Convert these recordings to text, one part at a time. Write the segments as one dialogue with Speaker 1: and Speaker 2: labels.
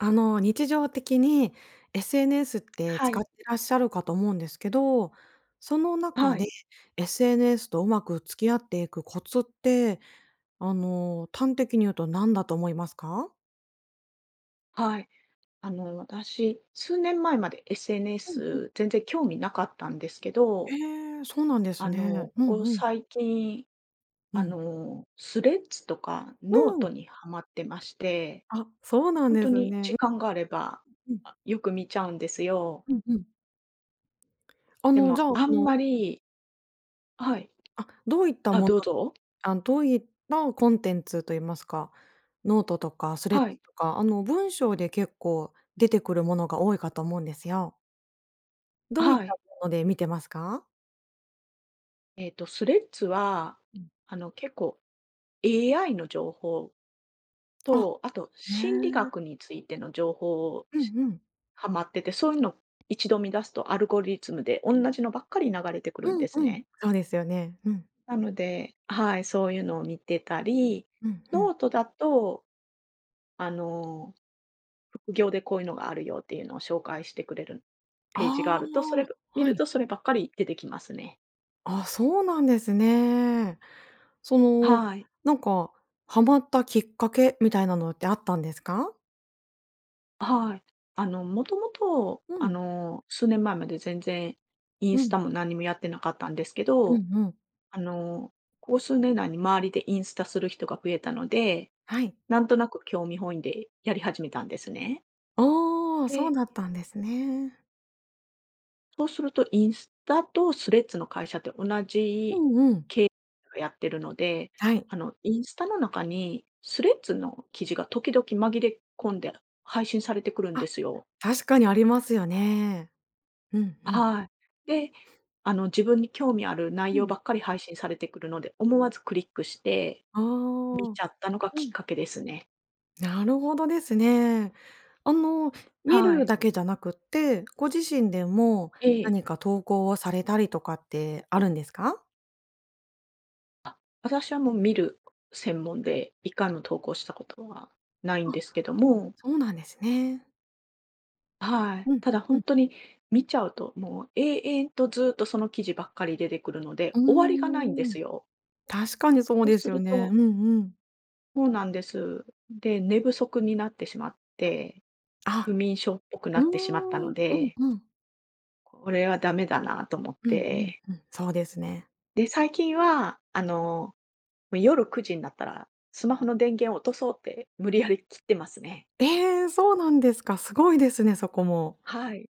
Speaker 1: あの日常的に SNS って
Speaker 2: は
Speaker 1: 使っ
Speaker 2: い。
Speaker 1: てらっしゃるかと思うんですけど、その中
Speaker 2: はい。
Speaker 1: で SNS とうまく付き合っていくコツって、あの端的に言うと何だと思いますか？
Speaker 2: はい。あの私、数年前まで
Speaker 1: うんうん。
Speaker 2: SNS 全然興味なかったんですけ
Speaker 1: へ
Speaker 2: ど
Speaker 1: え、そうなんです
Speaker 2: あ
Speaker 1: ね。
Speaker 2: の、
Speaker 1: う
Speaker 2: こ
Speaker 1: ん
Speaker 2: こ
Speaker 1: うん。
Speaker 2: 最近、
Speaker 1: う
Speaker 2: あ
Speaker 1: ん。
Speaker 2: の Threads とか
Speaker 1: うん。
Speaker 2: note にはまってまして、
Speaker 1: あ、そうなん
Speaker 2: 本
Speaker 1: で
Speaker 2: 当
Speaker 1: す
Speaker 2: に
Speaker 1: ね。
Speaker 2: 時
Speaker 1: う
Speaker 2: 間があれば、
Speaker 1: うん。
Speaker 2: あ、よく見ちゃうんですよ。
Speaker 1: うんうん。あ
Speaker 2: で
Speaker 1: のじ
Speaker 2: も
Speaker 1: ゃあ、
Speaker 2: あ
Speaker 1: そ
Speaker 2: ん
Speaker 1: の
Speaker 2: まりはい
Speaker 1: あ、どういった
Speaker 2: あ、
Speaker 1: もの
Speaker 2: どうぞ。
Speaker 1: あん、どういったコンテンツと言いますか、note とか Threads
Speaker 2: はい。
Speaker 1: とか、あの文章で結構出てくるものが多いかと思うんですよ。
Speaker 2: あ、
Speaker 1: どういっ
Speaker 2: は
Speaker 1: た
Speaker 2: い。
Speaker 1: もので見てますか？
Speaker 2: えっと Threads は
Speaker 1: うん。
Speaker 2: あの結構 AI の情報。
Speaker 1: あ、
Speaker 2: と、あと
Speaker 1: へ
Speaker 2: 心理
Speaker 1: え。
Speaker 2: 学についての情報
Speaker 1: うん
Speaker 2: し
Speaker 1: うん。
Speaker 2: はまってて、そういうの一度見出すと、アルゴリズムでおんなじのばっかり流れてくるん
Speaker 1: うん
Speaker 2: です
Speaker 1: うん。
Speaker 2: ね。
Speaker 1: そうですよね。うん。
Speaker 2: なので、はい、そういうのを見てたり、
Speaker 1: うん、ふん。
Speaker 2: note だとあの、副業でこういうのがあるよっていうのを紹介してくれる
Speaker 1: あ
Speaker 2: ページがあると、それ
Speaker 1: あ、
Speaker 2: 見
Speaker 1: は
Speaker 2: る
Speaker 1: い。
Speaker 2: とそればっかり出てきますね。
Speaker 1: あ、そうなんですね。その、
Speaker 2: はい。
Speaker 1: なんかハマったきっかけみたいなのってあったんですか？
Speaker 2: はい。あの、もともと
Speaker 1: う
Speaker 2: あ
Speaker 1: ん。
Speaker 2: の、数年前まで全然イン
Speaker 1: う
Speaker 2: ス
Speaker 1: ん。
Speaker 2: タも何もやってなかったんですけ
Speaker 1: う
Speaker 2: ど、
Speaker 1: んうん。
Speaker 2: あの、ここ 数年内に周りでインスタする人が増えたので、
Speaker 1: はい。
Speaker 2: なんとなく興味本位でやり始めたんですね。
Speaker 1: ああ、そう
Speaker 2: で
Speaker 1: だったんですね。
Speaker 2: そうするとインスタとスレッズの会社って同
Speaker 1: う
Speaker 2: じ、
Speaker 1: んうん。
Speaker 2: け [unintelligible] がやってるので、
Speaker 1: はい。
Speaker 2: あの、インスタの中にスレッズの記事が時々紛れ込んで配信されてくるん
Speaker 1: あ
Speaker 2: で
Speaker 1: っ、
Speaker 2: すよ。
Speaker 1: 確かにありますよね。うん、うん。
Speaker 2: はい。で、あの、自分に興味ある内
Speaker 1: う
Speaker 2: 容
Speaker 1: ん。
Speaker 2: ばっかり配信されてくるので、思わずクリックして、
Speaker 1: あ
Speaker 2: 見
Speaker 1: あ。
Speaker 2: ちゃったのが
Speaker 1: う
Speaker 2: きっ
Speaker 1: ん。
Speaker 2: かけですね。
Speaker 1: なるほどですね。あの、見
Speaker 2: は
Speaker 1: る
Speaker 2: い。
Speaker 1: だけじゃなくって、ご自身でも
Speaker 2: ええ。
Speaker 1: 何か投稿をされたりとかってあるんですか？
Speaker 2: あ、私はもう見る専門で、1回も投稿したことは、ないん
Speaker 1: あっ、
Speaker 2: ですけども。
Speaker 1: そうなんですね。
Speaker 2: はい、
Speaker 1: うん、
Speaker 2: ただ
Speaker 1: う
Speaker 2: 本
Speaker 1: ん。
Speaker 2: 当に見ちゃうともう永遠とずっとその記事ばっかり出てくるので、
Speaker 1: う
Speaker 2: 終わりがないんで
Speaker 1: ーん、
Speaker 2: すよ。
Speaker 1: 確かにそう
Speaker 2: そう
Speaker 1: で
Speaker 2: す
Speaker 1: すよ
Speaker 2: る
Speaker 1: ね。
Speaker 2: と
Speaker 1: うんうん。
Speaker 2: そうなんです。で、寝不足になってしまって、
Speaker 1: あ
Speaker 2: 不
Speaker 1: っ、
Speaker 2: 眠症っぽくな
Speaker 1: うー
Speaker 2: ってしまった
Speaker 1: ん、う
Speaker 2: の
Speaker 1: ん
Speaker 2: で
Speaker 1: うん。
Speaker 2: これはダメだなと思っ
Speaker 1: うんうん
Speaker 2: て。
Speaker 1: うん、そうですね。
Speaker 2: で、最近はあの、夜9時になったら、スマホの電源を落とそうって、無理やり切ってますね。
Speaker 1: ええ、そうなんですか。すごいですね、そこも。
Speaker 2: はい。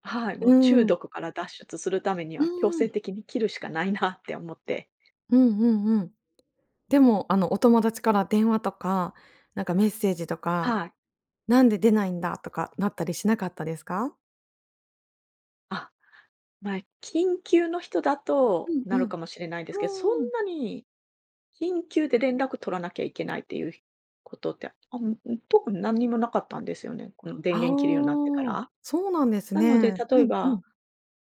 Speaker 2: はい、もう
Speaker 1: う
Speaker 2: 中
Speaker 1: ん。
Speaker 2: 毒から脱出するために
Speaker 1: う
Speaker 2: は、強制
Speaker 1: ん。
Speaker 2: 的に切るしかないな って思って。
Speaker 1: うんうんうん。でもあのお友達から電話とか、なんかメッセージとか、
Speaker 2: はい。
Speaker 1: 「なんで出ないんだ？」とか、なったりしなかったですか？
Speaker 2: あっ、まあ、緊急の人だ
Speaker 1: う
Speaker 2: と
Speaker 1: ん
Speaker 2: な
Speaker 1: う
Speaker 2: る
Speaker 1: ん。
Speaker 2: かもしれないですけど、そん
Speaker 1: うーん。
Speaker 2: なに緊急で連絡取らなきゃいけないっていう、ひことって、あん特に何にもなかったんですよね。この、電
Speaker 1: ああ、
Speaker 2: 源切るようになってから。
Speaker 1: そうなんです
Speaker 2: なので
Speaker 1: ね。
Speaker 2: 例
Speaker 1: う
Speaker 2: え
Speaker 1: んう
Speaker 2: ば、
Speaker 1: ん。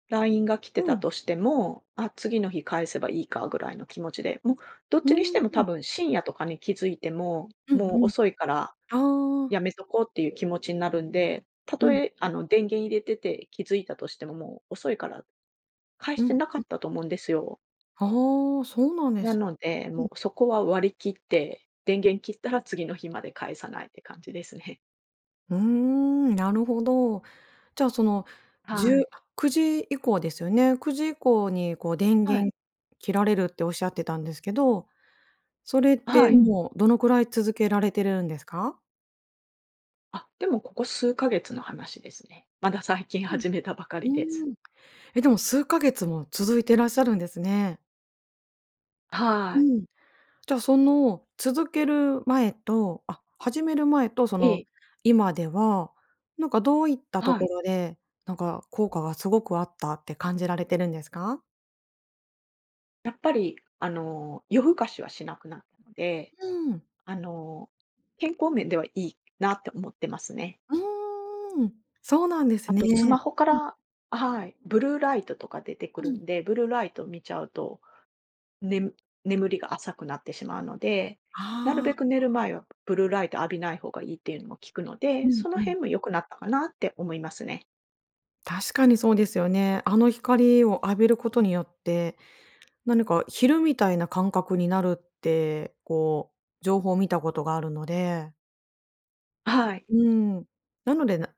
Speaker 2: ラインが来て
Speaker 1: う
Speaker 2: た
Speaker 1: ん。
Speaker 2: としても、あ、次の日返せばいいかぐらいの気持ちで、も、どっ
Speaker 1: う
Speaker 2: ち
Speaker 1: ー
Speaker 2: にしても多
Speaker 1: ん。
Speaker 2: 分深夜とかに気づいても、
Speaker 1: う
Speaker 2: も
Speaker 1: ん
Speaker 2: う
Speaker 1: うん。
Speaker 2: 遅いから
Speaker 1: ああ。
Speaker 2: やめとこうっていう気持ちになるんで、た
Speaker 1: う
Speaker 2: と
Speaker 1: ん
Speaker 2: え
Speaker 1: う。
Speaker 2: あの、電源入れてて気づいたとしても、もう遅いから返し
Speaker 1: う
Speaker 2: て
Speaker 1: ん、
Speaker 2: なか
Speaker 1: うん。
Speaker 2: ったと思うんですよ。
Speaker 1: ああ、そうなんで
Speaker 2: な
Speaker 1: す。
Speaker 2: ので、
Speaker 1: うん。
Speaker 2: もうそこは割り切って、電源切ったら次の日まで返さないって感じですね。
Speaker 1: うーん、なるほど。じゃあ、その、じ
Speaker 2: は
Speaker 1: ゅう、
Speaker 2: い。
Speaker 1: くじ以降ですよね。9時以降に、こう、電
Speaker 2: はい。
Speaker 1: 源切られるっておっしゃってたんですけど、それっ
Speaker 2: は
Speaker 1: て、
Speaker 2: い。
Speaker 1: もう、どのくらい続けられてるんですか？
Speaker 2: あ、でも、ここ数ヶ月の話ですね。まだ最近
Speaker 1: う
Speaker 2: 始めたばかりで
Speaker 1: ん、
Speaker 2: す。
Speaker 1: うーん。え、でも数ヶ月も続いてらっしゃるんですね。
Speaker 2: は
Speaker 1: う
Speaker 2: い。
Speaker 1: ん。じゃあ、その、続ける前と、あ始める前と、そ
Speaker 2: え
Speaker 1: の、
Speaker 2: え。
Speaker 1: 今では、なんかどういったと
Speaker 2: は
Speaker 1: こ
Speaker 2: い。
Speaker 1: ろで、なんか効果がすごくあったって感じられてるんですか？
Speaker 2: やっぱり、あの、夜更かしはしなくなったので、
Speaker 1: うん。
Speaker 2: あの、健康面では、いいなって思ってますね。
Speaker 1: うーん、そうなんです
Speaker 2: あとス
Speaker 1: ね。
Speaker 2: マホか
Speaker 1: うん。
Speaker 2: らはい、ブルーライトとか出てく
Speaker 1: う
Speaker 2: る
Speaker 1: ん。
Speaker 2: んで、ブルーライトを見ちゃうと、ねむ眠りが浅くなってしまうので、なる
Speaker 1: ああ。あ
Speaker 2: べく寝る
Speaker 1: あ。
Speaker 2: 前は、ブルーライト浴びない方がいいっていうのも聞くの
Speaker 1: う
Speaker 2: で、
Speaker 1: ん
Speaker 2: その
Speaker 1: うん。
Speaker 2: 辺も良くなったかなって思いますね。
Speaker 1: 確かにそうですよね。あの光を浴びることによって、何か昼みたいな感覚になるって、こう、情報を見たことがあるので。
Speaker 2: はい。
Speaker 1: うーん、なので、な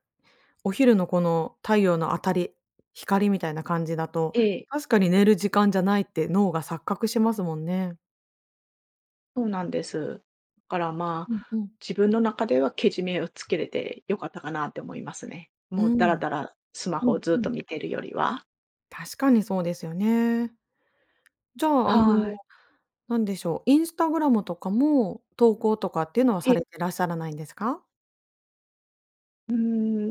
Speaker 1: お昼の、この、太陽の当たり光みたいな感じだと、
Speaker 2: ええ。
Speaker 1: 確かに寝る時間じゃないって脳が錯覚しますもんね。
Speaker 2: そうなんです。だから、ま
Speaker 1: うんう
Speaker 2: あ、
Speaker 1: ん。
Speaker 2: 自分の中では、けじめをつけれて良かったかなって思いますね。
Speaker 1: う
Speaker 2: もう、ダラ
Speaker 1: ん。
Speaker 2: ダラ、スマ
Speaker 1: う
Speaker 2: ホを
Speaker 1: ん
Speaker 2: ずっ
Speaker 1: うん。
Speaker 2: と見てるよりは。
Speaker 1: 確かにそうですよね。じゃあ、あの
Speaker 2: はい。
Speaker 1: 何でしょう。インスタグラムとかも投稿とかっていうのは、
Speaker 2: え
Speaker 1: さ
Speaker 2: え。
Speaker 1: れてらっしゃらないんですか？
Speaker 2: うー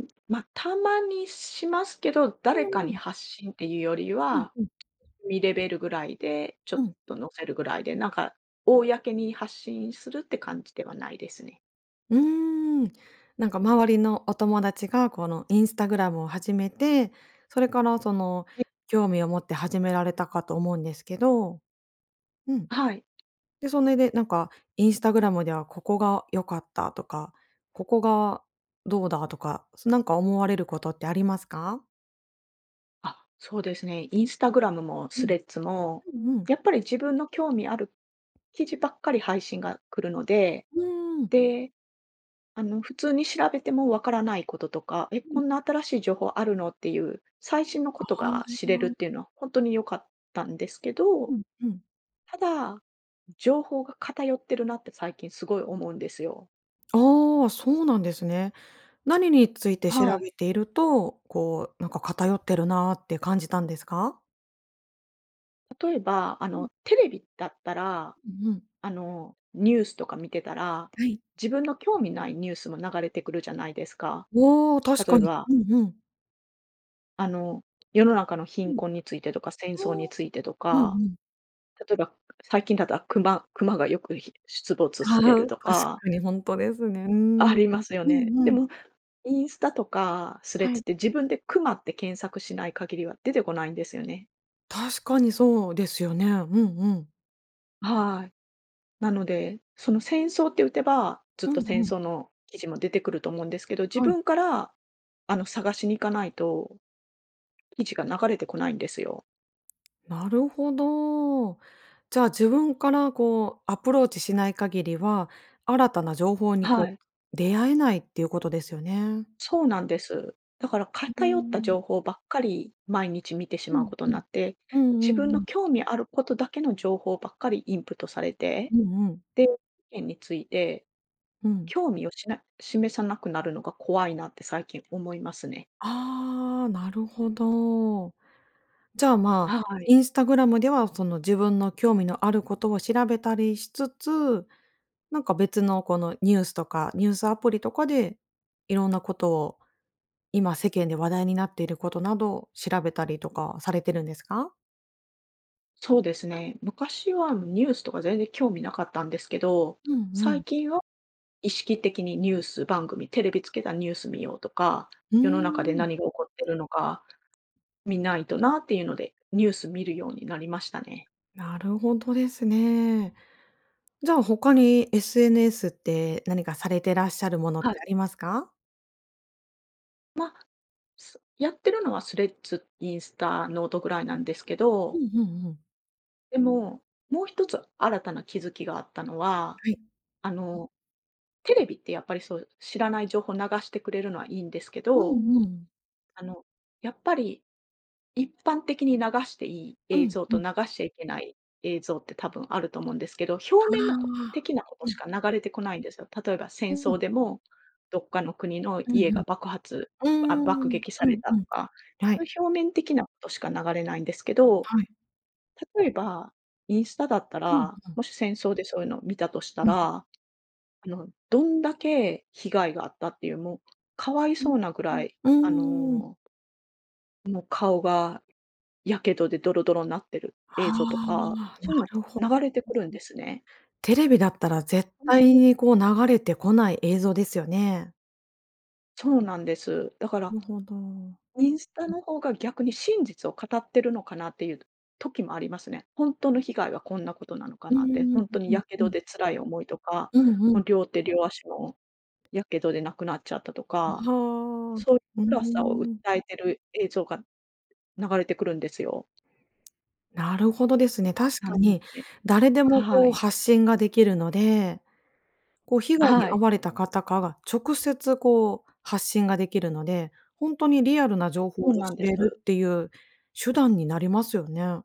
Speaker 2: ん、ま、たまにしますけど、誰
Speaker 1: う
Speaker 2: か
Speaker 1: んう
Speaker 2: に
Speaker 1: ん。
Speaker 2: 発信っていうより
Speaker 1: うん
Speaker 2: は、
Speaker 1: うん。
Speaker 2: みレベルぐらいで、ちょ
Speaker 1: う
Speaker 2: っ
Speaker 1: ん。
Speaker 2: と載せるぐらいで、なんか公に発信するって感じではないですね。
Speaker 1: うーん。なんか周りのお友達が、この、インスタグラムを始めて、それから、その、
Speaker 2: うん。
Speaker 1: 興味を持って始められたかと思うんですけど。うん。
Speaker 2: はい。
Speaker 1: で、それで、なんかインスタグラムでは、ここが良かったとか、ここがどうだとか、なんか思われることってありますか？
Speaker 2: あ、そうですね。インスタグラムも
Speaker 1: う
Speaker 2: ス
Speaker 1: ん。
Speaker 2: レッズも、
Speaker 1: うんうん。
Speaker 2: やっぱり自分の興味ある記事ばっかり配信が来るので、
Speaker 1: うーん。
Speaker 2: で、あの、普通に調べても分からないこととか、え、
Speaker 1: う
Speaker 2: こ
Speaker 1: ん。
Speaker 2: んな新しい情報あるのっていう最新のこと
Speaker 1: あ
Speaker 2: が知れるっ
Speaker 1: あ。
Speaker 2: ていうのはほんとに良かったんですけ
Speaker 1: う
Speaker 2: ど、
Speaker 1: んうん。
Speaker 2: ただ、情報が偏ってるなって最近すごい思うんですよ。
Speaker 1: ああ、そうなんですね。何について調
Speaker 2: はい。
Speaker 1: べていると、こう、なんか偏ってるなって感じたんですか？
Speaker 2: 例えば、あ
Speaker 1: うん。
Speaker 2: の、テレビだったら、
Speaker 1: うんうん。
Speaker 2: あの、ニュースとか見てたら、
Speaker 1: はい。
Speaker 2: 自分の興味ないニュースも流れてくるじゃないですか、
Speaker 1: うお、確
Speaker 2: 例
Speaker 1: か
Speaker 2: え
Speaker 1: に。
Speaker 2: ば。
Speaker 1: うんうん。
Speaker 2: あの、世の中の
Speaker 1: う
Speaker 2: 貧
Speaker 1: ん。
Speaker 2: 困についてとか、戦争
Speaker 1: あ
Speaker 2: に
Speaker 1: あ、
Speaker 2: ついてと
Speaker 1: うんう
Speaker 2: か。
Speaker 1: ん。
Speaker 2: 例えば、最近だったら熊熊がよく、ひ出没し
Speaker 1: は
Speaker 2: て
Speaker 1: は、
Speaker 2: ると
Speaker 1: 確
Speaker 2: か。
Speaker 1: かにほんとですね、うーん。
Speaker 2: ありますよ
Speaker 1: う
Speaker 2: ね。
Speaker 1: ん
Speaker 2: で
Speaker 1: うん。
Speaker 2: もインスタとかスレッ
Speaker 1: は
Speaker 2: ズ
Speaker 1: い。
Speaker 2: って、自分で熊って検索しない限りは出てこないんですよね。
Speaker 1: 確かにそうですよね。うんうん。
Speaker 2: はい。なので、その、戦争って打てば、ずっ
Speaker 1: う
Speaker 2: と、
Speaker 1: ん
Speaker 2: 戦
Speaker 1: うん。
Speaker 2: 争の記事も出てくると思うんですけど、自
Speaker 1: はい。
Speaker 2: 分から、あの、探しに行かないと記事が流れてこないんですよ。
Speaker 1: なるほど。じゃあ、自分から、こう、アプローチしない限りは、新たな情報に、
Speaker 2: は
Speaker 1: こ
Speaker 2: い。
Speaker 1: う、出会えないっていうことですよね。
Speaker 2: そうなんです。だから、
Speaker 1: う
Speaker 2: 偏った
Speaker 1: ん。
Speaker 2: 情報ばっかり、毎日見てし
Speaker 1: う
Speaker 2: まう
Speaker 1: ん
Speaker 2: こと
Speaker 1: う
Speaker 2: にな
Speaker 1: ん。
Speaker 2: って、
Speaker 1: うんう
Speaker 2: 自分
Speaker 1: んう
Speaker 2: の
Speaker 1: ん。
Speaker 2: 興味あることだけの情報ばっかり、インプットされて。
Speaker 1: うんうん。
Speaker 2: で、世間について、
Speaker 1: うん。
Speaker 2: 興味を、しな示さなくなるのが、怖いなって、最近思いますね。
Speaker 1: ああ、なるほど。じゃあ、まあ、
Speaker 2: はい。
Speaker 1: インスタグラムでは、その、自分の興味のあることを調べたりしつつ、なんか別の、この、ニュースとか、ニュースアプリとかで、いろんなことを、今、世間で話題になっていることなどを、調べたりとか、されてるんですか？
Speaker 2: そうですね。昔は、ニュースとか、全然興味なかったんですけど。
Speaker 1: うんう
Speaker 2: 最
Speaker 1: ん。
Speaker 2: 近は、意識的にニュース番組、テレビつけたニュース見ようとか、
Speaker 1: うー
Speaker 2: 世の中で
Speaker 1: ん。
Speaker 2: 何が起こってるのか、見ないとなっていうので、ニュース見るようになりましたね。
Speaker 1: なるほどですね。じゃあ、他に、SNS って、何かされてらっしゃるものっ
Speaker 2: はい。
Speaker 1: て、ありますか？
Speaker 2: ま、すやってるのはスレッズ、インスタ、ノートぐらいなんですけ
Speaker 1: う
Speaker 2: ど。
Speaker 1: んうんうん。
Speaker 2: でも、もう一つ新たな気づきがあったのは、
Speaker 1: はい。
Speaker 2: あ
Speaker 1: うん。
Speaker 2: の、テレビってやっぱりそう知らない情報流してくれるのはいいんですけ
Speaker 1: う
Speaker 2: ど、
Speaker 1: んうん。
Speaker 2: あの、やっぱり、一般的に流していい
Speaker 1: う
Speaker 2: 映
Speaker 1: ん、
Speaker 2: 像
Speaker 1: う
Speaker 2: と
Speaker 1: ん。
Speaker 2: 流しちゃいけない映像って多分あると思うんですけど、表
Speaker 1: あ
Speaker 2: 面なこ
Speaker 1: あ、
Speaker 2: 的なこと
Speaker 1: う
Speaker 2: し
Speaker 1: ん。
Speaker 2: か流れてこないんですよ。例えば戦
Speaker 1: うん。
Speaker 2: 争でもどっかの国の
Speaker 1: うんう
Speaker 2: 家が
Speaker 1: ん。
Speaker 2: 爆発、あ、
Speaker 1: うー
Speaker 2: 爆
Speaker 1: ん、
Speaker 2: 撃さ
Speaker 1: う
Speaker 2: れ
Speaker 1: ん、
Speaker 2: た
Speaker 1: うん、
Speaker 2: とか、
Speaker 1: は
Speaker 2: そうい
Speaker 1: い。
Speaker 2: う表面的なことしか流れないんですけど、
Speaker 1: はい。
Speaker 2: 例えばインスタだった
Speaker 1: うん
Speaker 2: ら、
Speaker 1: うん。
Speaker 2: もし戦争でそういうのを見たとした
Speaker 1: うん。
Speaker 2: ら、あの、どんだけ被害があったっていうもう可哀
Speaker 1: う
Speaker 2: そ
Speaker 1: ん、
Speaker 2: うなぐらい、
Speaker 1: う
Speaker 2: あ
Speaker 1: ん、うーん。
Speaker 2: のもう顔が火傷でドロドロになってる映
Speaker 1: は
Speaker 2: 像とか、
Speaker 1: な
Speaker 2: そういう
Speaker 1: るほ、うん、う
Speaker 2: の
Speaker 1: ん。
Speaker 2: が流れてくるんですね。
Speaker 1: テレビだったら絶対 にこう流れてこない映像ですよね。
Speaker 2: そうなんです。だか
Speaker 1: な
Speaker 2: ら
Speaker 1: るほど。う
Speaker 2: インスタ
Speaker 1: ん。
Speaker 2: の方が逆に真実を語ってるのかなっていう時もありますね。本当の被害はこんなことなのか
Speaker 1: うー
Speaker 2: なって。
Speaker 1: ん、う
Speaker 2: 本当に
Speaker 1: うん
Speaker 2: 火
Speaker 1: う
Speaker 2: 傷
Speaker 1: ん。
Speaker 2: で辛い思いとか、
Speaker 1: うんう
Speaker 2: も
Speaker 1: ん。
Speaker 2: う両手両足の火傷でなくなっちゃったと
Speaker 1: う
Speaker 2: か、
Speaker 1: は、う
Speaker 2: そういう
Speaker 1: ー
Speaker 2: 辛さを訴
Speaker 1: ん。
Speaker 2: えてる映像が流れてくるんですよ。
Speaker 1: なるほどですね。確
Speaker 2: な
Speaker 1: か
Speaker 2: の
Speaker 1: に、
Speaker 2: で
Speaker 1: 誰でも、
Speaker 2: は
Speaker 1: こう、
Speaker 2: い。
Speaker 1: 発信ができるので。こう、被害に
Speaker 2: は
Speaker 1: 遭
Speaker 2: い。
Speaker 1: われた方、か、が直接、こう、発信ができるので、本当にリアルな情報
Speaker 2: そ
Speaker 1: を
Speaker 2: うなん
Speaker 1: 知
Speaker 2: で
Speaker 1: れる
Speaker 2: す。
Speaker 1: っていう手段になりますよね。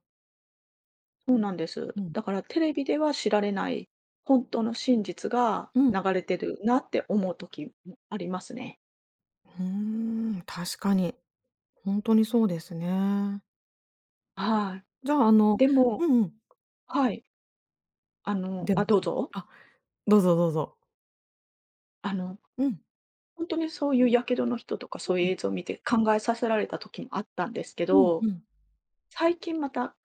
Speaker 2: そうなんです。
Speaker 1: うん。
Speaker 2: だから、テレビでは知られない本当の真実が
Speaker 1: うん。
Speaker 2: 流れてるなって思う時ありますね。
Speaker 1: ふーん、確かに。ほんとにそうですね。
Speaker 2: はい、
Speaker 1: じゃあ、あの
Speaker 2: でも
Speaker 1: うんうん。
Speaker 2: はい。あの
Speaker 1: で
Speaker 2: あ、
Speaker 1: も、
Speaker 2: どう
Speaker 1: はい、
Speaker 2: ぞ。
Speaker 1: あどうぞどうぞ。
Speaker 2: あの、
Speaker 1: うん。
Speaker 2: ほんとにそういう火傷の人とか、
Speaker 1: う
Speaker 2: そういう
Speaker 1: ん。
Speaker 2: 映像を見て考えさせられた時あったんですけ
Speaker 1: うんう
Speaker 2: ど、
Speaker 1: ん。
Speaker 2: 最近また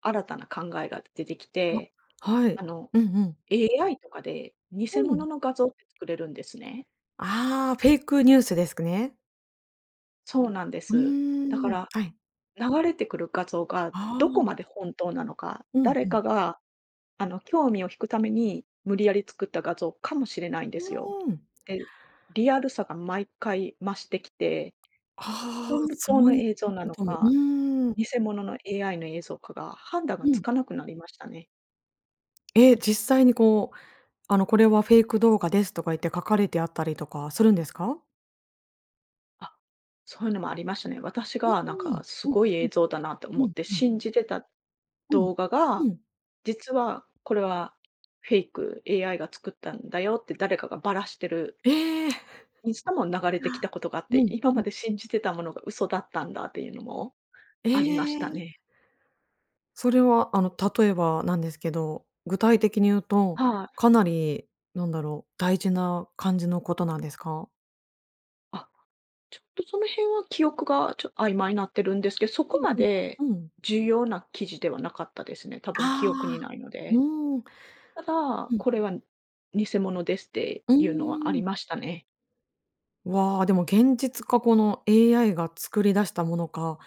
Speaker 2: 新たな考えが出てきて、
Speaker 1: あ、はい、
Speaker 2: あの、
Speaker 1: うんうん。
Speaker 2: AI とかで偽
Speaker 1: う
Speaker 2: 物
Speaker 1: ん。
Speaker 2: の画像って作れるんですね。
Speaker 1: ああ、フェイクニュースですくね。
Speaker 2: そうなんで
Speaker 1: う
Speaker 2: す。だか
Speaker 1: ーん、
Speaker 2: ら、
Speaker 1: はい。
Speaker 2: 流れてくる画像が
Speaker 1: あ
Speaker 2: ど
Speaker 1: あ。
Speaker 2: こまで本当なのか、
Speaker 1: うん
Speaker 2: 誰
Speaker 1: うん。
Speaker 2: かが、あの、興味を引くために無理やり作った画像かもしれないんで
Speaker 1: う
Speaker 2: すよ。
Speaker 1: ーん。
Speaker 2: で、リアルさが毎回増してきて、
Speaker 1: ああ、
Speaker 2: ほんぶ
Speaker 1: そ
Speaker 2: とうの
Speaker 1: ういっ
Speaker 2: 映像
Speaker 1: た
Speaker 2: な
Speaker 1: こ
Speaker 2: の
Speaker 1: とも、う
Speaker 2: か、
Speaker 1: ーん。
Speaker 2: 偽物の AI の映像かが判断が
Speaker 1: う
Speaker 2: つ
Speaker 1: ん。
Speaker 2: かなくなりましたね。
Speaker 1: え、実際に、こう、あの、「これはフェイク動画です」とか言って書かれてあったりとかするんですか？
Speaker 2: あ、そういうのもありましたね。私
Speaker 1: う
Speaker 2: がなん
Speaker 1: ー
Speaker 2: か
Speaker 1: ん。
Speaker 2: す
Speaker 1: うん
Speaker 2: ごい
Speaker 1: う
Speaker 2: 映
Speaker 1: ん。
Speaker 2: 像だなと
Speaker 1: う
Speaker 2: 思っ
Speaker 1: ん
Speaker 2: て
Speaker 1: うん。
Speaker 2: 信じてた
Speaker 1: うん。
Speaker 2: 動画が、
Speaker 1: うん。
Speaker 2: 実はこれはフェイク、「AI が作ったんだよ」って誰かがばらしてる
Speaker 1: ええ。
Speaker 2: インスタも 流れてき たことがあっ
Speaker 1: う
Speaker 2: て、
Speaker 1: ん
Speaker 2: 今
Speaker 1: う
Speaker 2: ま
Speaker 1: ん。
Speaker 2: で信じてたものが嘘だったんだっていうのも
Speaker 1: え
Speaker 2: ありました
Speaker 1: え。
Speaker 2: ね。
Speaker 1: それは、あの、例えば、なんですけど、具体的に言うと、
Speaker 2: はい。
Speaker 1: かなり、なんだろう、大事な感じのことなんですか？
Speaker 2: あ、ちょっと、その辺は記憶がちょっ曖昧になってるんですけど、そ
Speaker 1: う
Speaker 2: こ
Speaker 1: ん
Speaker 2: まで
Speaker 1: うん、うん。
Speaker 2: 重要な記事ではなかったですね。多分記憶に
Speaker 1: ああ、
Speaker 2: ないので。
Speaker 1: うん。
Speaker 2: ただ、
Speaker 1: うん。
Speaker 2: 「これは偽物です」って
Speaker 1: う
Speaker 2: いうのはあ
Speaker 1: ー
Speaker 2: り
Speaker 1: ん。
Speaker 2: ましたね。
Speaker 1: わあ、でも現実か、この、AI が作り出したものか、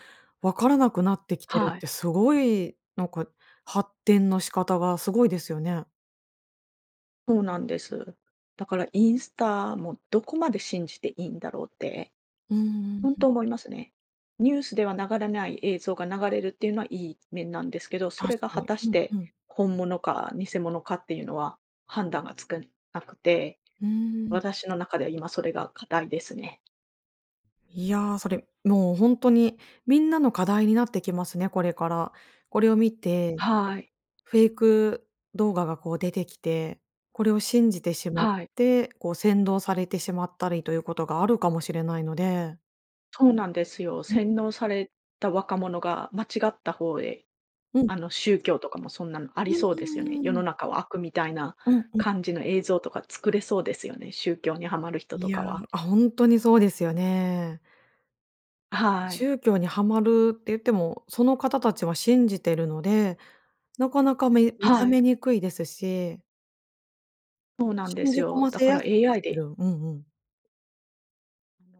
Speaker 1: 分からなくなってきてる
Speaker 2: は
Speaker 1: っ
Speaker 2: い。
Speaker 1: てすごい、なんか、発展の仕方がすごいですよね。
Speaker 2: そうなんです。だからインスタもどこまで信じていいんだろうって、
Speaker 1: うんうん
Speaker 2: ほん
Speaker 1: うん。
Speaker 2: と思いますね。ニュースでは流れない映像が流れるっていうのはいい面なんですけど、そ
Speaker 1: 確
Speaker 2: れが
Speaker 1: か
Speaker 2: 果
Speaker 1: に。
Speaker 2: たし
Speaker 1: うんう
Speaker 2: て
Speaker 1: ん。
Speaker 2: 本物か偽物かっていうのは判断がつくんなくて、
Speaker 1: うん。
Speaker 2: 私の中では今それが課題ですね。
Speaker 1: いや、それ、もうほんとにみんなの課題になってきますね、これから。これを見て、
Speaker 2: はい。
Speaker 1: フェイク動画がこう出てきて、これを信じてしまっ
Speaker 2: はい。
Speaker 1: てこう扇動されてしまったりということがあるかもしれないので。
Speaker 2: そうなんですよ。
Speaker 1: うん。
Speaker 2: 洗脳された若者が間違った方へ、
Speaker 1: うん。
Speaker 2: あの宗教とかもそんなのあり
Speaker 1: うん、う
Speaker 2: そうですよね。世
Speaker 1: ー
Speaker 2: の
Speaker 1: ん。
Speaker 2: 中は悪みたいな
Speaker 1: うんうん。
Speaker 2: 感じの映像とか作れそうですよね、宗教にハマる人と
Speaker 1: いや、
Speaker 2: かは。
Speaker 1: あ、ほんとにそうですよね。
Speaker 2: あ、はい。
Speaker 1: 宗教にハマるって言っても、その方たちは信じてるのでなかなかめ目覚
Speaker 2: はい。
Speaker 1: めにくいですし。
Speaker 2: そうなんで
Speaker 1: 信
Speaker 2: す
Speaker 1: じ込
Speaker 2: よ。
Speaker 1: ま
Speaker 2: だ
Speaker 1: せ
Speaker 2: から
Speaker 1: やすくな
Speaker 2: AI
Speaker 1: って
Speaker 2: で
Speaker 1: る。うんうん。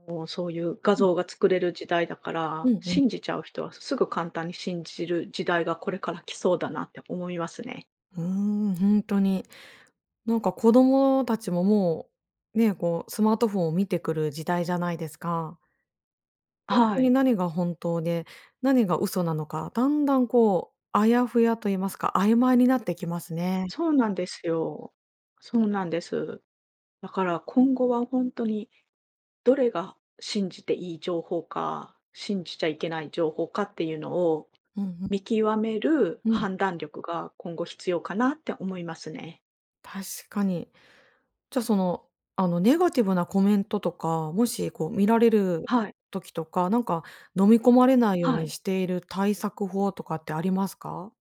Speaker 2: あの、そういう画
Speaker 1: うん。
Speaker 2: 像が作れる時代だか
Speaker 1: う
Speaker 2: ら、
Speaker 1: んうん。
Speaker 2: 信じちゃう人は、すぐ簡単に信じる時代がこれから来そうだなって思いますね。
Speaker 1: うーん、ほんとに。なんか子供たちも、もう、ね、こう、スマートフォンを見てくる時代じゃないですか。ほんと
Speaker 2: は
Speaker 1: に
Speaker 2: い。
Speaker 1: 何が本当で、何が嘘なのか、だんだん、こう、あやふやと言いますか、曖昧になってきますね。
Speaker 2: そうなんですよ。そうなんです。だから今後は、ほんとに、どれが信じていい情報か、信じちゃいけない情報かっていうのを、
Speaker 1: うんうん。
Speaker 2: 見極める
Speaker 1: うん。
Speaker 2: 判断力が今後必要かなって思いますね。
Speaker 1: 確かに。じゃあ、その、あの、ネガティブなコメントとか、もし、こう、見られる
Speaker 2: はい。
Speaker 1: 時とか、なんか、飲み込まれないよう
Speaker 2: は
Speaker 1: に
Speaker 2: い。
Speaker 1: している対策法とかってありますか？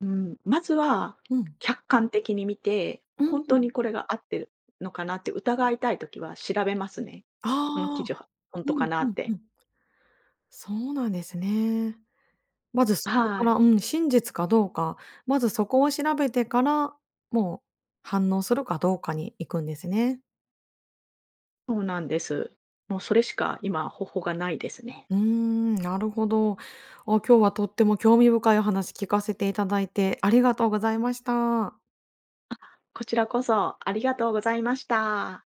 Speaker 2: うん、まずは
Speaker 1: うん。
Speaker 2: 客観的に見て、
Speaker 1: うー
Speaker 2: ほんと
Speaker 1: ん。
Speaker 2: にこれが合ってるのかなって疑いたい時は調べますね。この記
Speaker 1: ああ、
Speaker 2: 事はほん
Speaker 1: う
Speaker 2: とか
Speaker 1: ん
Speaker 2: な
Speaker 1: う
Speaker 2: っ
Speaker 1: ん
Speaker 2: て。
Speaker 1: うん。そうなんですね。まずそこか
Speaker 2: は
Speaker 1: ら、
Speaker 2: い。
Speaker 1: うん、真実かどうか、まず、そこを調べてから、もう反応するかどうかに行くんですね。
Speaker 2: そうなんです。もう、それしか今方法がないですね。
Speaker 1: うーん、なるほど。あ、今日はとっても興味深いお話聞かせていただいてありがとうございました。
Speaker 2: あ、こちらこそありがとうございました。